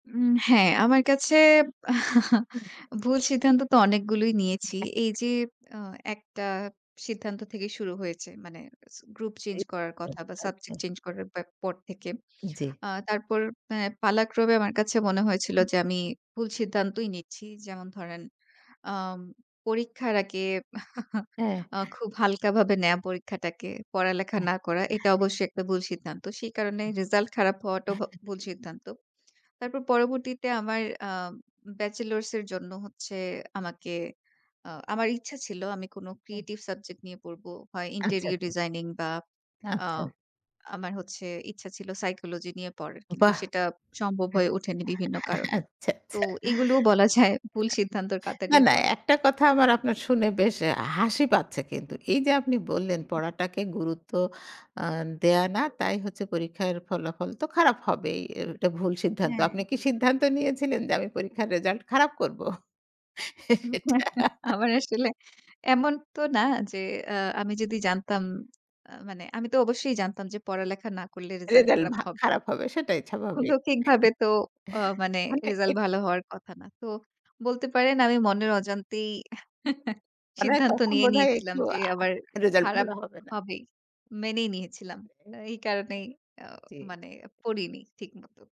উম হ্যাঁ, আমার কাছে হুম। ভুল সিদ্ধান্ত তো অনেকগুলোই নিয়েছি। এই যে আ একটা সিদ্ধান্ত থেকে শুরু হয়েছে। মানে গ্রুপ চেঞ্জ এই করার কথা বা আচ্ছা, আচ্ছা। সাবজেক্ট চেঞ্জ করার পে পর থেকে। জ্বী। আ তারপর অ্যা পালাক্রমে আমার কাছে মনে হয়েছিল যে, আমি ভুল সিদ্ধান্তই নিচ্ছি। যেমন ধরেন আম পরীক্ষার আগে হ্যাঁ। আ খুব হালকা ভাবে নেয়া পরীক্ষাটাকে, পড়ালেখা না করা। এটা অবশ্যই একটা ভুল সিদ্ধান্ত। সেই কারণে রেজাল্ট খারাপ হওয়াটাও ভ ভুল সিদ্ধান্ত। তারপর পরবর্তীতে আমার আম ব্যাচেলরস এর জন্য হচ্ছে আমাকে, আ আমার ইচ্ছা ছিল আমি কোনো হুম। ক্রিয়েটিভ সাবজেক্ট নিয়ে পড়ব। হয় আচ্ছা। ইন্টেরিয়র ডিজাইনিং বা আ আচ্ছা। আমার হচ্ছে ইচ্ছা ছিল, সাইকোলজি নিয়ে পড়ার। কিন্তু বাহ! সেটা সম্ভব হ্যাঁ। হয়ে ওঠেনি বিভিন্ন কারণে। আচ্ছা, তো আচ্ছা। এগুলোও বলা যায় ভুল সিদ্ধান্তর না কাতারেই না। পড়ে। একটা কথা আমার আপনার শুনে বেশ এ হাসি পাচ্ছে কিন্তু। এই যে আপনি বললেন হু। পড়াটাকে গুরুত্ব আ দেয়া না। তাই হচ্ছে পরীক্ষার ফলাফল তো খারাপ হবেই। এটা ভুল সিদ্ধান্ত। হ্যাঁ। আপনি কি সিদ্ধান্ত নিয়েছিলেন। যে আমি পরীক্ষার রেজাল্ট খারাপ করব? এটা। আমার আসলে এমন তো না যে, আ আমি যদি জানতাম, আ মানে আমি তো অবশ্যই জানতাম। যে পড়ালেখা না করলে রেজাল্ট রেজাল্ট খারাপ ভা হবে খারাপ হবে, সেটাই স্বাভাবিক। অলৌখিকভাবে তো আ মানে মানে রেজাল্ট এত ভালো হওয়ার কথা না। তো বলতে পারেন আমি মনের অজান্তেই মানে সিদ্ধান্ত তখন নিয়ে মনে হয় নিয়েছিলাম। একটু যে আ আবার "রেজাল্ট খারাপ ভালো হবে না।" হবেই। মেনেই নিয়েছিলাম। হুম। এই কারণেই আ জ্বী। মানে পড়িনি ঠিক মতো।